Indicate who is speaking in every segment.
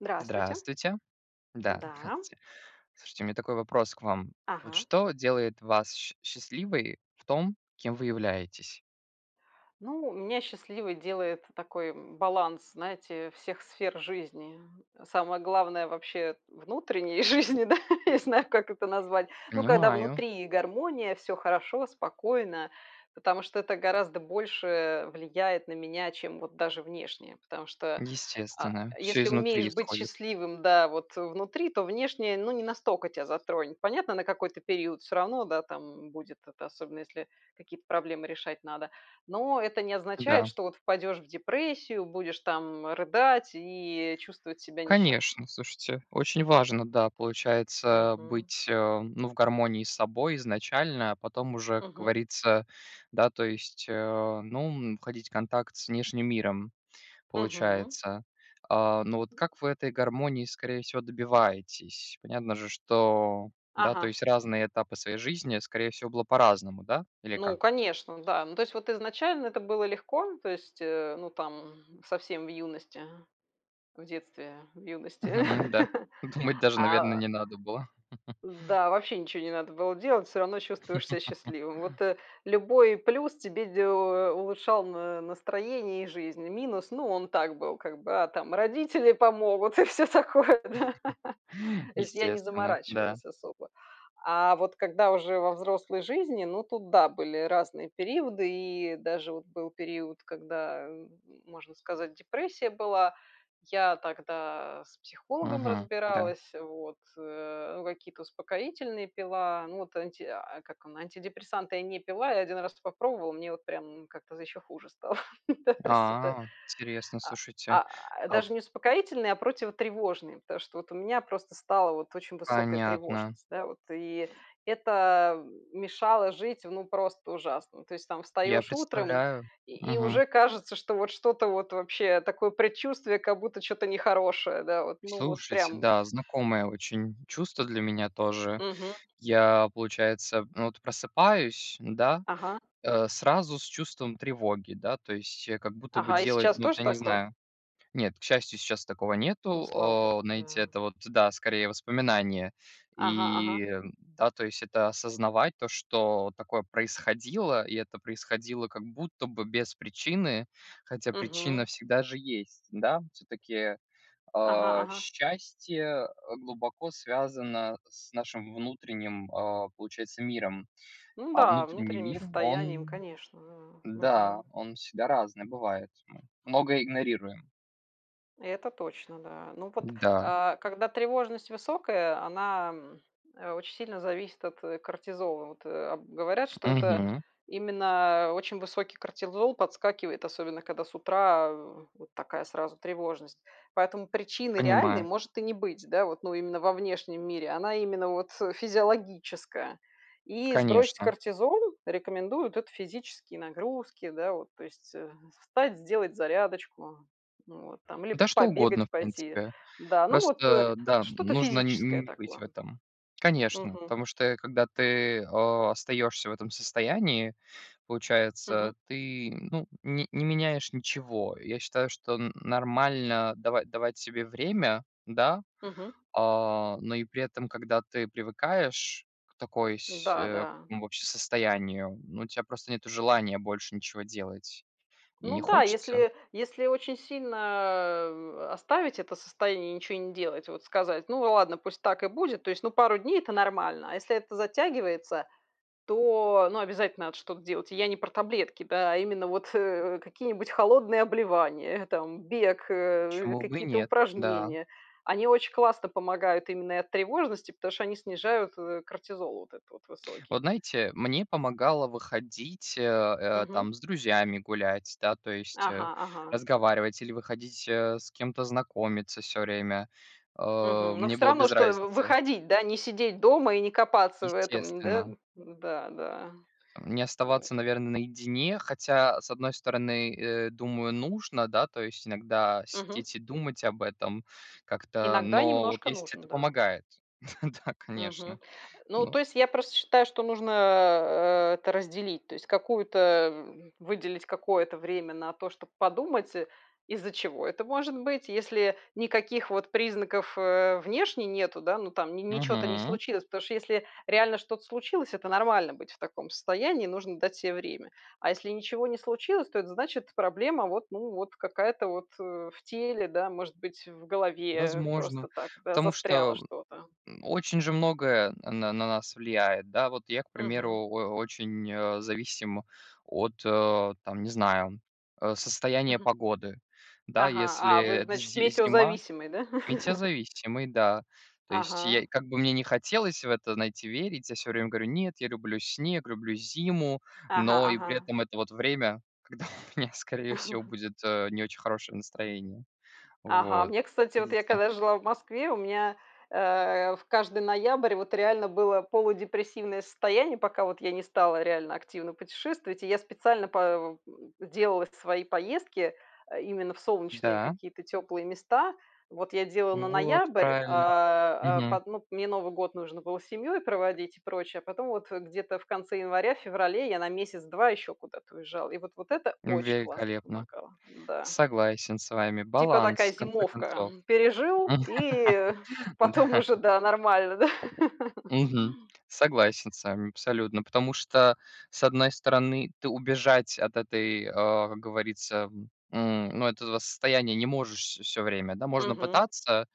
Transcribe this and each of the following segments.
Speaker 1: Здравствуйте!
Speaker 2: Здравствуйте. Да,
Speaker 1: Да.
Speaker 2: здравствуйте. Слушайте, у меня такой вопрос к вам: вот
Speaker 1: Ага.
Speaker 2: что делает вас сч счастливой в том, кем вы являетесь?
Speaker 1: Ну, меня счастливой делает такой, м, баланс, знаете, всех сфер жизни. Самое главное вообще внутренней жизни, да, не знаю, как это назвать. Ну, когда
Speaker 2: Понимаю.
Speaker 1: внутри гармония, всё хорошо, спокойно, потому что это гораздо больше влияет на меня, чем вот даже внешнее. Потому что, а,
Speaker 2: Естественно, всё
Speaker 1: если
Speaker 2: изнутри
Speaker 1: умеешь быть
Speaker 2: исходит.
Speaker 1: счастливым, да, вот внутри, то внешнее, ну, не настолько тя затронет. Понятно, на какой-то период всё равно, да, там будет это. Особенно если какие-то проблемы решать надо. Но это не означает,
Speaker 2: Да.
Speaker 1: что вот впадешь в депрессию, будешь там рыдать и чувствовать себя несчастным.
Speaker 2: Конечно, слушайте, очень важно, да, получается,
Speaker 1: Мгм.
Speaker 2: быть, э, ну, в гармонии с собой изначально. А потом уже, как
Speaker 1: Мгм.
Speaker 2: говорится, да, то есть, э, ну, м, входить в контакт с внешним миром,
Speaker 1: Мгм.
Speaker 2: получается. А, ну вот как вы этой гармонии, скорее всего, добиваетесь? Понятно же, что да, то
Speaker 1: Ага.
Speaker 2: есть разные этапы своей жизни, скорее всего, было по-разному, да, или
Speaker 1: Ну,
Speaker 2: как?
Speaker 1: конечно, да. Ну, то есть, вот изначально это было легко, то есть, э, ну, там совсем в юности, в детстве, в юности.
Speaker 2: Мгм, да. Думать даже, наверно,
Speaker 1: А.
Speaker 2: не надо было.
Speaker 1: Да, вообще ничего не надо было делать, всё равно чувствуешь себя счастливым. Вот, э, любой плюс тебе делал, э, улучшал н настроение и жизнь. Минус, ну, он так был, как бы, а там родители помогут и всё такое, да. То есть я не
Speaker 2: Естественно, да.
Speaker 1: заморачивалась особо. А вот когда уже во взрослой жизни... Ну, тут да, были разные периоды, и даже был период, когда, э, можно сказать, депрессия была. Я тогда с психологом
Speaker 2: Мгм, да.
Speaker 1: разбиралась, вот, э, ну, какие-то успокоительные пила. Ну вот анти а, как он, антидепрессанты я не пила, я 1 раз это попробовала, мне вот прям как-то ещё хуже стало. Да, то есть это,
Speaker 2: А, интересно,
Speaker 1: а
Speaker 2: слушайте,
Speaker 1: а
Speaker 2: а б
Speaker 1: Даже не успокоительные, а противотревожные, потому что вот у меня просто стала вот очень высокая
Speaker 2: Понятно.
Speaker 1: тревожность, да вот. И это, э, мешало жить в ну, просто ужасно! То есть, там
Speaker 2: Я
Speaker 1: встаёшь утром,
Speaker 2: представляю,
Speaker 1: и и
Speaker 2: мгм.
Speaker 1: уже кажется, что вот что-то вот вообще такое предчувствие, как будто чё-то нехорошее, да вот, ну вот
Speaker 2: Слушайте,
Speaker 1: прям.
Speaker 2: да, знакомое очень чувство для меня тоже.
Speaker 1: Мгм.
Speaker 2: Я, получается, ну вот просыпаюсь, да,
Speaker 1: Ага.
Speaker 2: э, сразу с чувством тревоги, да, то есть я как будто бы
Speaker 1: Ага, и
Speaker 2: делать
Speaker 1: сейчас
Speaker 2: ну, вот
Speaker 1: тоже
Speaker 2: я не
Speaker 1: такое?
Speaker 2: знаю. Нет, к счастью, щас такого нету.
Speaker 1: Ну, слава богу!
Speaker 2: О, знаете,
Speaker 1: Да.
Speaker 2: это вот, да, скорее, воспоминание.
Speaker 1: Ага ага.
Speaker 2: И, да, то есть это осознавать, то что такое происходило, и это происходило как будто бы без причины, хотя
Speaker 1: Мгм.
Speaker 2: причина всегда же есть, да. Всё-таки,
Speaker 1: Ага
Speaker 2: а,
Speaker 1: ага.
Speaker 2: счастье, э, глубоко связано с нашим внутренним, а, получается, миром.
Speaker 1: Ну,
Speaker 2: А
Speaker 1: да,
Speaker 2: внутренний
Speaker 1: внутренним
Speaker 2: мир,
Speaker 1: состоянием,
Speaker 2: он
Speaker 1: конечно, ага,
Speaker 2: да,
Speaker 1: мгм.
Speaker 2: он всегда разный бывает. Мы много игнорируем.
Speaker 1: Это точно, да. Ну вот,
Speaker 2: Да.
Speaker 1: а, когда тревожность высокая, она очень сильно зависит от кортизола. Вот, э, об говорят, что это
Speaker 2: Мгм.
Speaker 1: именно очень высокий кортизол подскакивает, особенно когда с утра, э, вот такая сразу тревожность. Поэтому причины реальной
Speaker 2: Понимаю.
Speaker 1: может и не быть, да, вот, ну, именно во внешнем мире, она именно вот, э, физиологическая. И сбросить
Speaker 2: Конечно.
Speaker 1: кортизол рекомендуют- это физические нагрузки, да, вот. То есть, э, встать, сделать зарядочку, ну, вот там или
Speaker 2: Да, что угодно, в
Speaker 1: побегать пойти,
Speaker 2: принципе.
Speaker 1: да. Ну, вот, э,
Speaker 2: Просто, да,
Speaker 1: что-то
Speaker 2: нужно н
Speaker 1: физическое
Speaker 2: не быть в
Speaker 1: такое.
Speaker 2: этом. Конечно.
Speaker 1: Мгм.
Speaker 2: Потому что, э, когда ты остаешься в этом состоянии,
Speaker 1: Мгм.
Speaker 2: получается, ты, ну, ни не меняешь ничего. Я считаю, что н нормально дава давать себе время, да.
Speaker 1: Мгм.
Speaker 2: А, но и при этом, когда ты привыкаешь к такой сь
Speaker 1: Да
Speaker 2: э, к
Speaker 1: да.
Speaker 2: такому вообще состоянию, ну, у тя просто нету желания больше ничего делать и
Speaker 1: Ну
Speaker 2: не
Speaker 1: да,
Speaker 2: хочется.
Speaker 1: если если очень сильно, э, оставить это состояние и ничего не делать, вот сказать: "Ну ладно, пусть так и будет", то есть, ну, 2 дней- это нормально. А если это затягивается, то, ну, обязательно надо что-то делать. Я не про таблетки, да, а именно вот, э, какие-нибудь холодные обливания, там бег, э,
Speaker 2: Почему бы и
Speaker 1: какие-то
Speaker 2: нет? Да.
Speaker 1: упражнения. Они очень классно помогают именно и от тревожности, потому что они снижают, э, кортизол вот этот вот
Speaker 2: Вот,
Speaker 1: высокий.
Speaker 2: знаете, мне помогало выходить, э э,
Speaker 1: Мгм.
Speaker 2: там с друзьями гулять, да, то есть, э,
Speaker 1: Ага ага.
Speaker 2: разговаривать или выходить, э, с кем-то знакомиться всё время. А,
Speaker 1: Мгм, но
Speaker 2: мне
Speaker 1: всё
Speaker 2: было
Speaker 1: равно,
Speaker 2: без
Speaker 1: что в
Speaker 2: разницы.
Speaker 1: выходить, да, не сидеть дома и не копаться в этом, да.
Speaker 2: Естественно.
Speaker 1: Да-да.
Speaker 2: Не
Speaker 1: О.
Speaker 2: оставаться, наверно, наедине. Хотя, с одной стороны, э, думаю, нужно, да, то есть иногда
Speaker 1: Мгм.
Speaker 2: сидеть и думать об этом как-то,
Speaker 1: Иногда
Speaker 2: но вот
Speaker 1: немножко
Speaker 2: если
Speaker 1: нужно,
Speaker 2: это
Speaker 1: да.
Speaker 2: помогает. Да,
Speaker 1: Мгм,
Speaker 2: конечно,
Speaker 1: ну,
Speaker 2: но
Speaker 1: то есть я просто считаю, что нужно, э, э, это разделить. То есть какую-то, э, м выделить какое-то время на то, чтоб подумать, э, из-за чего это может быть. Если никаких вот признаков, э, внешне нету, да, ну, там н ни чё-то не
Speaker 2: Мгм.
Speaker 1: случилось. Потому что, если реально что-то случилось, это нормально быть в таком состоянии, нужно дать себе время. А если ничего не случилось, то это значит, проблема вот, ну, вот какая-то вот, э, в теле, да, может быть, в голове
Speaker 2: Возможно,
Speaker 1: просто так, да,
Speaker 2: потому что, э,
Speaker 1: застряло
Speaker 2: вот,
Speaker 1: что-то.
Speaker 2: м, очень же многое на на нас влияет, да. Вот я, к
Speaker 1: Мгм.
Speaker 2: примеру, о очень, э, зависим от, э, там, не знаю, э, состояния
Speaker 1: Мгм.
Speaker 2: погоды. Да,
Speaker 1: Ага,
Speaker 2: если
Speaker 1: а вы,
Speaker 2: это
Speaker 1: значит,
Speaker 2: зи зима
Speaker 1: метеозависимый, да?
Speaker 2: Метеозависимый, да. То есть я,
Speaker 1: Ага.
Speaker 2: как бы мне ни хотелось в это, знаете, верить, я всё время говорю: "Нет, я люблю снег, люблю зиму".
Speaker 1: Ага
Speaker 2: Но и при
Speaker 1: ага.
Speaker 2: этом это вот время, когда у меня, скорее всего, будет, э, не очень хорошее настроение.
Speaker 1: Ага,
Speaker 2: Вот.
Speaker 1: мне, кстати, вот я,
Speaker 2: Видите?
Speaker 1: когда жила в Москве, у меня, э, в каждый ноябрь вот реально было полудепрессивное состояние. Пока вот я не стала реально активно путешествовать. И я специально па в делала свои поездки именно в солнечные
Speaker 2: Да.
Speaker 1: какие-то тёплые места. Вот я делала на
Speaker 2: Вот
Speaker 1: ноябрь,
Speaker 2: правильно,
Speaker 1: а, а
Speaker 2: мгм.
Speaker 1: под ну, мне Новый год нужно было с семьёй проводить и прочее, а потом вот где-то в конце января-феврале я на 1-2 ещё куда-то уезжала. И вот вот это очень классно
Speaker 2: Великолепно!
Speaker 1: помогало, да.
Speaker 2: Согласен с вами.
Speaker 1: Типа
Speaker 2: Баланс,
Speaker 1: такая
Speaker 2: в конце
Speaker 1: зимовка.
Speaker 2: концов.
Speaker 1: Пережил, и потом
Speaker 2: Да.
Speaker 1: уже, да, нормально, да?
Speaker 2: Мгм, согласен с вами абсолютно, потому что, с одной стороны, ты убежать от этой, э, как говорится, м Ну, этого состояния не можешь вс всё время, да. Можно
Speaker 1: Мгм.
Speaker 2: пытаться,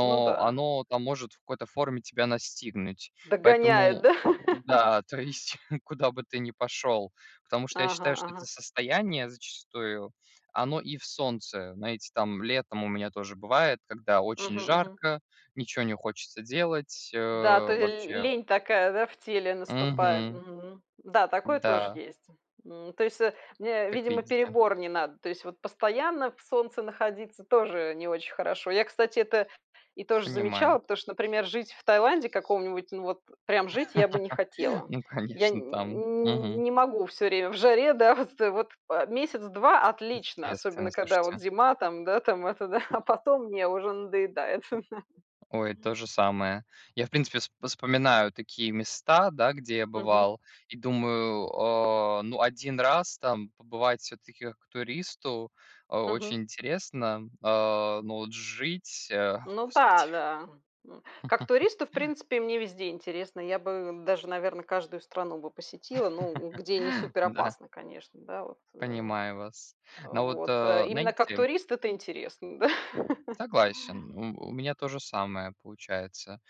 Speaker 1: Ну да.
Speaker 2: оно-то может в какой-то форме тебя настигнуть.
Speaker 1: Догоняет,
Speaker 2: Поэтому
Speaker 1: да?
Speaker 2: да, то есть куда бы ты ни пошёл. Потому что я
Speaker 1: Ага
Speaker 2: считаю, что это
Speaker 1: ага.
Speaker 2: состояние зачастую, оно и в солнце. Знаете, там летом у меня тоже бывает, когда очень
Speaker 1: Мгм, мгм.
Speaker 2: жарко, ничего не хочется делать, э,
Speaker 1: Да, то, э, и ль
Speaker 2: вообще.
Speaker 1: лень такая, да, в теле наступает.
Speaker 2: Мгм.
Speaker 1: Мгм, да, такое тоже
Speaker 2: Н-да.
Speaker 1: есть. М, то есть, э, мне,
Speaker 2: Как
Speaker 1: видимо,
Speaker 2: видите.
Speaker 1: перебор не надо, то есть вот постоянно в солнце находиться тоже не очень хорошо. Я, кстати, это и тоже
Speaker 2: Понимаю.
Speaker 1: замечала, потому что, например, жить в Таиланде каком-нибудь, ну, вот прям жить я бы не хотела.
Speaker 2: Ну,
Speaker 1: Я нь
Speaker 2: конечно, там,
Speaker 1: н
Speaker 2: мгм.
Speaker 1: не могу всё время в жаре, да. Вот это вот, а 1-2 отлично,
Speaker 2: Естественно,
Speaker 1: особенно когда вот
Speaker 2: слушайте.
Speaker 1: зима, там да, там это да, а потом мне уже надоедает.
Speaker 2: Ой, то же самое. Я, в принципе, вс вспоминаю такие места, да, где я
Speaker 1: Мгм.
Speaker 2: бывал, и думаю: "О, ну, 1 раз там побывать всё-таки как туристу о очень
Speaker 1: Мгм.
Speaker 2: интересно, а, но вот ж жить, э, о
Speaker 1: Ну
Speaker 2: господи".
Speaker 1: да, да. М, как туристу, в принципе, мне везде интересно. Я бы даже, наверно, каждую страну бы посетила, ну, где не супер
Speaker 2: Да.
Speaker 1: опасно, конечно, да вот, э.
Speaker 2: Понимаю вас, но вот,
Speaker 1: Вот, э,
Speaker 2: э,
Speaker 1: именно как
Speaker 2: знаете
Speaker 1: турист это интересно, да.
Speaker 2: Согласен, у у меня то же самое получается.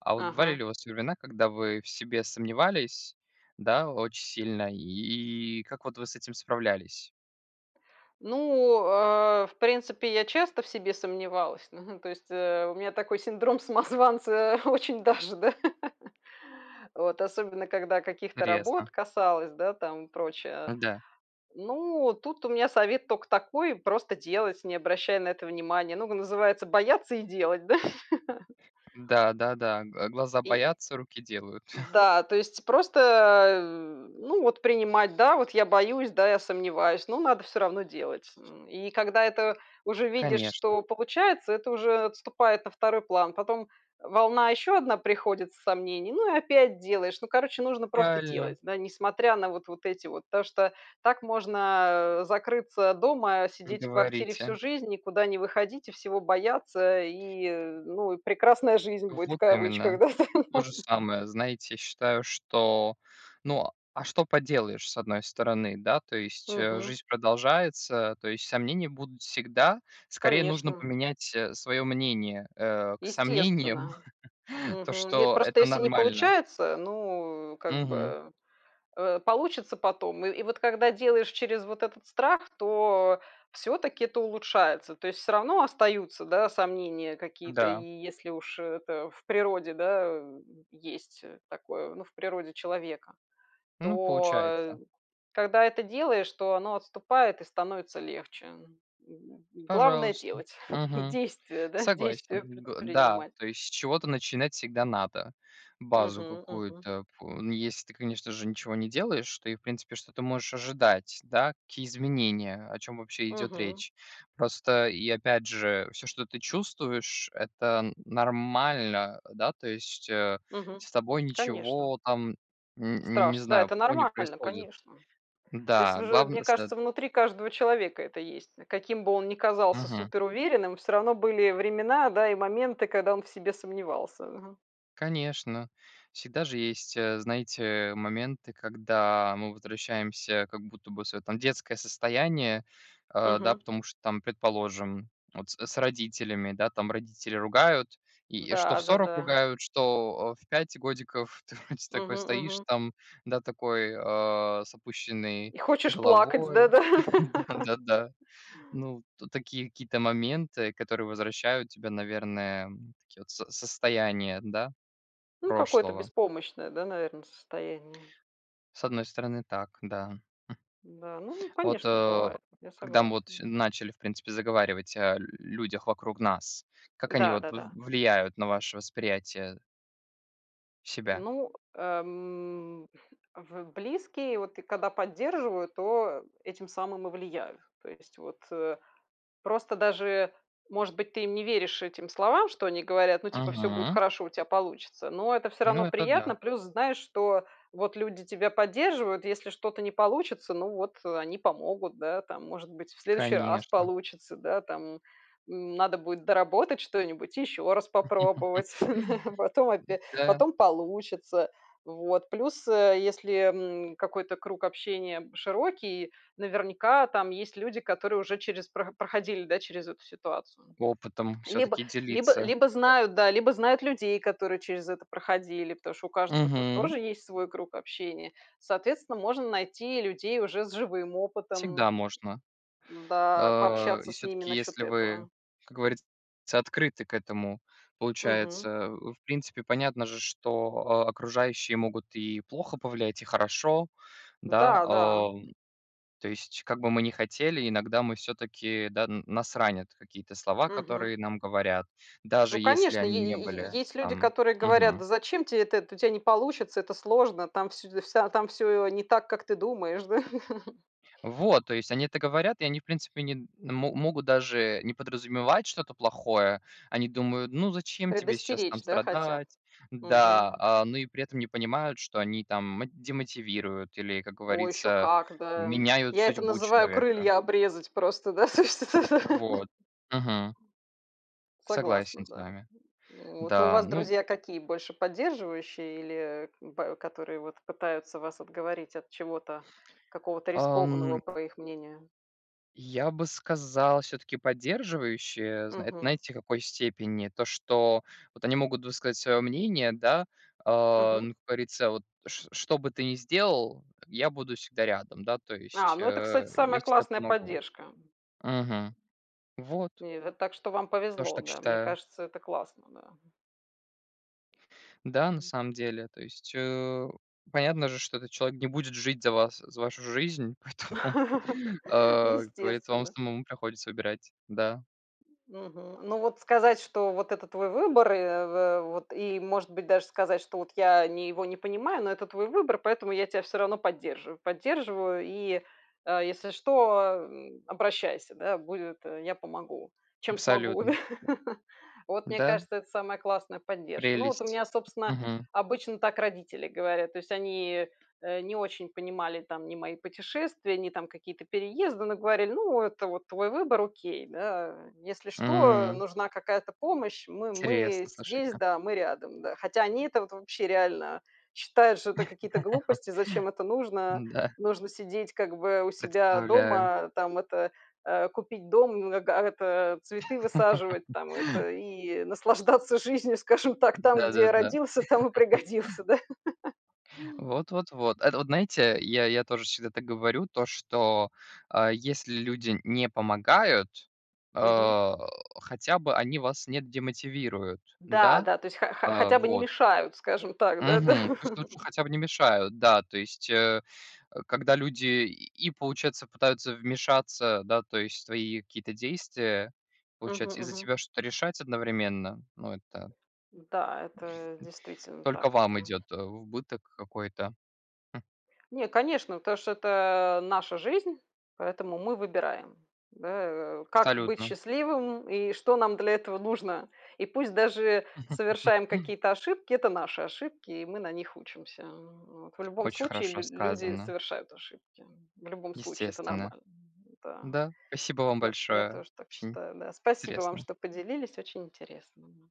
Speaker 2: А вот бывали
Speaker 1: Ага.
Speaker 2: ли у вас времена, когда вы в себе сомневались, да очень сильно? И и как вот вы с этим справлялись?
Speaker 1: Ну, а, в принципе, я часто в себе сомневалась, ну, то есть, э, у меня такой синдром самозванца очень даже, да. Вот особенно когда каких-то работ
Speaker 2: Ресно
Speaker 1: касалось, да, там прочее.
Speaker 2: Да.
Speaker 1: Ну, тут у меня совет тока такой: просто делать, не обращая на это внимание. Ну и, называется, бояться и делать, да.
Speaker 2: Да, да-да, г глаза
Speaker 1: И
Speaker 2: боятся, руки делают.
Speaker 1: Да, то есть просто, а, э, ну вот принимать. Да, вот я боюсь, да, я сомневаюсь, но надо всё равно делать. И когда это уже видишь,
Speaker 2: Конечно.
Speaker 1: что получается, это уже отступает на 2 план. Потом волна ещё одна приходит с сомнений, ну и опять делаешь. Ну, короче, нужно просто
Speaker 2: Правильно.
Speaker 1: делать, да, несмотря на вот вот эти вот. Потому что так можно, а, э, закрыться дома,
Speaker 2: Не
Speaker 1: сидеть в квартире
Speaker 2: говорите.
Speaker 1: всю жизнь, никуда не выходить и всего бояться, и, э, ну, и прекрасная жизнь будет в
Speaker 2: Вот именно,
Speaker 1: кавычках, да там.
Speaker 2: то же самое. Знаете, я считаю, что, ну, а что поделаешь, с одной стороны? Да, то есть, э,
Speaker 1: Мгм.
Speaker 2: жизнь продолжается, то есть сомнения будут всегда. Скорее нужно
Speaker 1: Конечно.
Speaker 2: поменять, э, своё мнение, э, к сомнениям,
Speaker 1: Естественно.
Speaker 2: то
Speaker 1: Мгм, е
Speaker 2: что
Speaker 1: просто,
Speaker 2: это
Speaker 1: если не
Speaker 2: нормально.
Speaker 1: получается, ну, как
Speaker 2: Мгм.
Speaker 1: бы, э, получится потом. И и вот, когда делаешь через вот этот страх, то всё-таки это улучшается. То есть всё равно остаются, да, сомнения какие-то. И
Speaker 2: Да.
Speaker 1: если уж это в природе, да, э, есть такое. Ну, в природе человека,
Speaker 2: Ну,
Speaker 1: то, э,
Speaker 2: получается.
Speaker 1: когда это делаешь, то оно отступает и становится легче. Г главное-
Speaker 2: Пожалуйста.
Speaker 1: делать,
Speaker 2: Мгм,
Speaker 1: действия, да, действия
Speaker 2: согласен. Г Да,
Speaker 1: предпринимать.
Speaker 2: то есть с чего-то начинать всегда надо, базу
Speaker 1: Мгм, мгм.
Speaker 2: какую-то пу Ну, если ты, конечно же, ничего не делаешь, то и, в принципе, что ты можешь ожидать? Да, какие изменения, о чём вообще идёт
Speaker 1: Мгм.
Speaker 2: речь. Просто, и опять же, всё, что ты чувствуешь,- это н нормально. Да, то есть, э,
Speaker 1: Мгм,
Speaker 2: с тобой
Speaker 1: конечно.
Speaker 2: ничего там н не
Speaker 1: Страшно. Да,
Speaker 2: знаю,
Speaker 1: это
Speaker 2: плохого не
Speaker 1: нормально,
Speaker 2: происходит.
Speaker 1: конечно. То есть
Speaker 2: Да,
Speaker 1: уже,
Speaker 2: главн
Speaker 1: мне
Speaker 2: сет
Speaker 1: кажется, внутри каждого человека это есть. Каким бы он ни казался
Speaker 2: Мгм.
Speaker 1: суперуверенным, всё равно были времена, да и моменты, когда он в себе сомневался, ага.
Speaker 2: Конечно, всегда же есть, э, знаете, моменты, когда мы возвращаемся как будто бы в свое, там, детское состояние, а, да,
Speaker 1: Мгм.
Speaker 2: потому что там, предположим, вот с с родителями, да, там родители ругают, и и что в 40
Speaker 1: Да-да-да.
Speaker 2: ругают, что, э, в 5 годиков. Ты вроде
Speaker 1: Мгм.
Speaker 2: такой стоишь
Speaker 1: Мгм.
Speaker 2: там, да, такой, а, с опущенной
Speaker 1: И хочешь плакать с
Speaker 2: головой.
Speaker 1: да-да.
Speaker 2: Да-да-да. Ну. Тут такие какие-то моменты, которые возвращают тебя, наверное, такие вот с состояния, да,
Speaker 1: Ну, какое-то
Speaker 2: прошлого.
Speaker 1: беспомощное, да, наверно, состояние.
Speaker 2: С одной стороны так, да. Хм.
Speaker 1: Да, ну,
Speaker 2: А вот,
Speaker 1: конечно,
Speaker 2: э,
Speaker 1: бывает. Я
Speaker 2: когда мы вот
Speaker 1: согласна.
Speaker 2: всё начали, в принципе, заговаривать о людях вокруг нас, как они
Speaker 1: Да,
Speaker 2: вот в
Speaker 1: да-да.
Speaker 2: влияют на ваше восприятие себя?
Speaker 1: Ну, ам, в близкие, вот ты когда поддерживают, то этим самым и влияют. То есть вот, э. Просто даже, может быть, ты им не веришь, этим словам, что они говорят, ну типа "всё будет
Speaker 2: Мгм.
Speaker 1: хорошо, у тя получится", но это всё
Speaker 2: Ну
Speaker 1: равно
Speaker 2: это да.
Speaker 1: приятно. Плюс знаешь, что вот люди тебя поддерживают, если что-то не получится, ну, вот они помогут, да, там. Может быть, в следующий раз
Speaker 2: Конечно.
Speaker 1: получится, да, там, м, надо будет доработать что-нибудь, и еще раз попробовать, потом опя
Speaker 2: Да.
Speaker 1: потом получится. Вот. Плюс, а, если, м, какой-то круг общения широкий, наверняка там есть люди, которые уже через про проходили, да, через эту ситуацию.
Speaker 2: Опытом
Speaker 1: Либо
Speaker 2: все-таки
Speaker 1: либо
Speaker 2: делиться.
Speaker 1: либо знают, да, либо людей, которые через это проходили, потому что у каждого-то
Speaker 2: Мгм.
Speaker 1: тоже есть свой круг общения. Соответственно, можно найти людей уже с живым
Speaker 2: Всегда
Speaker 1: опытом,
Speaker 2: можно.
Speaker 1: да,
Speaker 2: А. И
Speaker 1: пообщаться с ними
Speaker 2: всё-таки
Speaker 1: насчет
Speaker 2: если вы,
Speaker 1: этого.
Speaker 2: как говорится, открыты к этому,
Speaker 1: Мгм.
Speaker 2: получается. В принципе, понятно же, что окружающие могут и плохо повлиять, и хорошо, да,
Speaker 1: Да, да.
Speaker 2: о. То есть как бы мы ни хотели, иногда мы все-таки, да, н нас ранят какие-то слова,
Speaker 1: Мгм.
Speaker 2: которые нам говорят,
Speaker 1: Ну
Speaker 2: даже если
Speaker 1: конечно, е
Speaker 2: они не
Speaker 1: е е
Speaker 2: были
Speaker 1: есть люди,
Speaker 2: там
Speaker 1: которые говорят:
Speaker 2: Мгм.
Speaker 1: "Да зачем те это? Это тя не получится, это сложно, там всё д вся там всё не так, как ты думаешь, да".
Speaker 2: Вот. То есть они это говорят, и они, в принципе, не мо могут даже не подразумевать что-то плохое. Они думают: ну зачем тебе сейчас там
Speaker 1: Предостеречь, да, хотят?
Speaker 2: страдать, да,
Speaker 1: Мгм.
Speaker 2: а, ну и при этом не понимают, что они там мо демотивируют или, как
Speaker 1: О, еще
Speaker 2: говорится,
Speaker 1: как, да!
Speaker 2: меняют
Speaker 1: Я это
Speaker 2: судьбу
Speaker 1: называю-
Speaker 2: человека.
Speaker 1: крылья обрезать просто, да, то, что, да.
Speaker 2: Вот. Мгм. Согласен
Speaker 1: Согласна,
Speaker 2: с
Speaker 1: да.
Speaker 2: вами.
Speaker 1: Ну вот, но у
Speaker 2: Да,
Speaker 1: вас
Speaker 2: ну,
Speaker 1: друзья
Speaker 2: у
Speaker 1: какие- больше поддерживающие или ба которые вот пытаются вас отговорить от чего-то, какого-то рискованного,
Speaker 2: Ам.
Speaker 1: по их мнению?
Speaker 2: Я бы сказал, все-таки поддерживающие, зна
Speaker 1: Мгм.
Speaker 2: знаете, в какой степени? То, что вот они могут высказать свое мнение, да, а,
Speaker 1: Мгм.
Speaker 2: ну, говорится: "Вот что что бы ты ни сделал, я буду всегда рядом, да, то
Speaker 1: А,
Speaker 2: есть,
Speaker 1: ну это,
Speaker 2: а.
Speaker 1: кстати,
Speaker 2: Я
Speaker 1: самая
Speaker 2: всегда
Speaker 1: классная
Speaker 2: помогу".
Speaker 1: поддержка.
Speaker 2: Мгм. Вот.
Speaker 1: Не, это так, что вам
Speaker 2: Тоже
Speaker 1: повезло,
Speaker 2: так
Speaker 1: да, мне
Speaker 2: считаю.
Speaker 1: кажется, это классно, да.
Speaker 2: Да, на самом деле то есть, э, понятно же, что этот человек не будет жить за вас, за вашу жизнь, поэтому, а, как говорится вам
Speaker 1: Естественно.
Speaker 2: самому приходится выбирать, да.
Speaker 1: Мгм. Но вот сказать, что rвот это твой выбор, и, в в вот и может быть, даже сказать, что вот я ни его не понимаю, но это твой выбор, поэтому я тебя всё равно поддерживаю. Поддерживаю и, а, если что, ам, обращайся, да, будет, я помогу, чем смогу, да.
Speaker 2: Абсолютно!
Speaker 1: Вот мне
Speaker 2: Да.
Speaker 1: кажется, это самая классная поддержка. Ну вот у
Speaker 2: Прелесть!
Speaker 1: меня, собственно,
Speaker 2: Мгм.
Speaker 1: обычно так родители говорят. То есть они не очень понимали там ни мои путешествия, ни какие-то переезды, но говорили: "Ну, это вот твой выбор, окей, да". Если что,
Speaker 2: М.
Speaker 1: нужна какая-то помощь, мы мы
Speaker 2: Интересно,
Speaker 1: здесь
Speaker 2: слушайте.
Speaker 1: да, мы рядом да. Хотя они это вот вообще реально считают, что это какие-то глупости, зачем это нужно?
Speaker 2: М-да.
Speaker 1: Нужно сидеть, как бы, у себя
Speaker 2: Представляю.
Speaker 1: дома, там это, а, купить дом, э, га это, цветы высаживать там это, и наслаждаться жизнью, скажем так, там, где
Speaker 2: Да-да-да.
Speaker 1: родился, там и пригодился, да.
Speaker 2: Вот вот-вот. Это вот знаете, я я тоже всегда это говорю, то что а если люди не помогают,
Speaker 1: Мгм.
Speaker 2: а, хотя бы они вас не демотивируют. Н-да,
Speaker 1: Да-да, то есть
Speaker 2: а,
Speaker 1: ха-ха-хотя бы не
Speaker 2: вот.
Speaker 1: мешают, скажем так, да-да.
Speaker 2: Мгм пусть лучше хотя бы не мешают. Да то есть, э, а когда люди и получается пытаются вмешаться, да, то есть, в твои какие-то действия,
Speaker 1: Мгм
Speaker 2: получается, и за
Speaker 1: мгм.
Speaker 2: тебя что-то решать одновременно, ну это
Speaker 1: М, да, это действительно
Speaker 2: только
Speaker 1: так
Speaker 2: вам
Speaker 1: это
Speaker 2: идет в убыток, какой-то, хм.
Speaker 1: Не, конечно, потому что это наша жизнь, поэтому мы выбираем, да, э, как быть
Speaker 2: Абсолютно.
Speaker 1: счастливым, и что нам для этого нужно. И пусть даже совершаем какие-то ошибки, это наши ошибки, и мы на них учимся, а, вот, в любом
Speaker 2: Очень
Speaker 1: случае
Speaker 2: хорошо
Speaker 1: лю-люди
Speaker 2: сказано.
Speaker 1: совершают ошибки, в любом случае это
Speaker 2: Естественно.
Speaker 1: нормально, м-да.
Speaker 2: Да, спасибо вам
Speaker 1: Я т я
Speaker 2: большое,
Speaker 1: тоже так
Speaker 2: очень
Speaker 1: считаю да. Спасибо вам,
Speaker 2: интересно.
Speaker 1: что поделились, очень интересно.